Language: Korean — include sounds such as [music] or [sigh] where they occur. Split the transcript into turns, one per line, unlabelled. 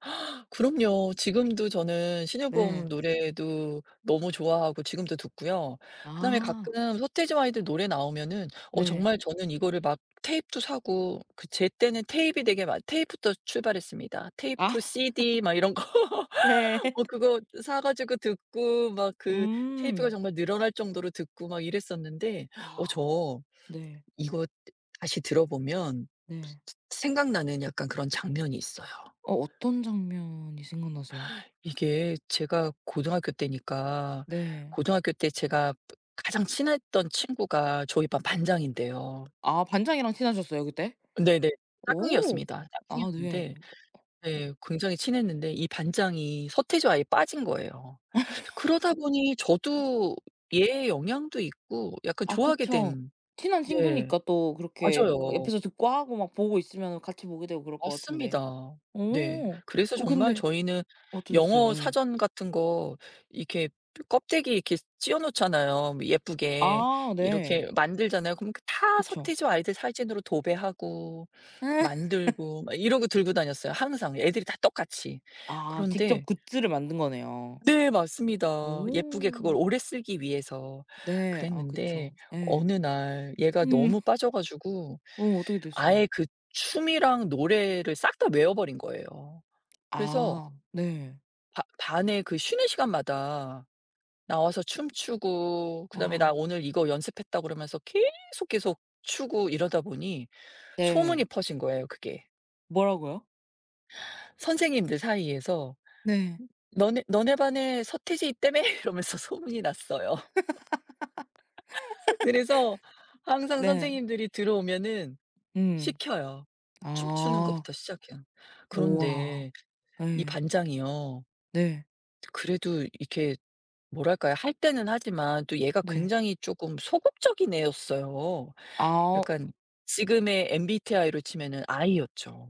[gasps] 그럼요. 지금도 저는 신효범
네.
노래도 너무 좋아하고 지금도 듣고요. 그다음에
아.
가끔 서태지와 아이들 노래 나오면은 어
네.
정말 저는 이거를 막 테잎도 사고 그 제때는 테잎이 되게 많 테입부터 출발했습니다. 테이프,
아. [laughs]
CD, 막 이런 거.
네.
어
[laughs]
그거 사 가지고 듣고 막 그 테이프가
음.
정말 늘어날 정도로 듣고 막 이랬었는데 어
아.
저
네.
이거 다시 들어보면
네.
생각나는 약간 그런 장면이 있어요.
어 어떤 장면이 생각나세요?
이게 제가 고등학교 때니까
네.
고등학교 때 제가 가장 친했던 친구가 저희 반 반장인데요.
아 반장이랑 친하셨어요 그때?
네네.
오.
짝꿍이었습니다.
아 네.
짝꿍이었는데 네 굉장히 친했는데 이 반장이 서태지와 아이에 빠진 거예요. 그러다 보니
[laughs]
저도 얘의 영향도 있고 약간
아
좋아하게
그쵸.
된.
친한
네.
친구니까 또 그렇게 그
맞아요.
옆에서 듣고 하고 막 보고 있으면은 같이 보게 되고 그럴 것 같은데.
맞습니다. 네.
어
그래서
어
정말
근데
저희는
어떠셨어요?
영어
예.
사전 같은 거 이렇게 껍데기에 이렇게 씌어 놓잖아요 뭐 예쁘게.
아 네.
이렇게 만들잖아요. 그럼 다
그쵸.
서태지와 아이들 사진으로 도배하고
[laughs]
만들고 막 이러고 들고 다녔어요 항상 애들이 다 똑같이.
아 직접
그런데
굿즈를 만든 거네요.
네 맞습니다. 예쁘게 그걸
오.
오래 쓰기 위해서
네. 아
그랬는데
그쵸. 예.
어느 날 얘가
음.
너무 빠져 가지고
어 어떻게
아예
됐어요?
그 춤이랑 노래를 싹 다 외워버린 거예요. 그래서
아 네.
바 반에 그 쉬는 시간마다 나와서 춤추고 그다음에 "나
아.
오늘 이거 연습했다." 그러면서 계속, 계속 추고 이러다 보니 소문이
네.
퍼진 거예요, 그게.
뭐라고요?
선생님들 사이에서
네.
"너네 너네 반에 서태지 있다며?" 이러면서 소문이 났어요.
[laughs]
[laughs] 그래서 항상
네.
선생님들이 들어오면은
음.
시켜요. 춤추는
아.
것부터 시작해요.
우와.
그런데 이
예.
반장이요.
네.
그래도 이렇게 뭐랄까요. 할 때는 하지만 또 얘가
네.
굉장히 쪼금 소극적인 애였어요.
아.
약간 지금의 MBTI로 치면은 I였죠.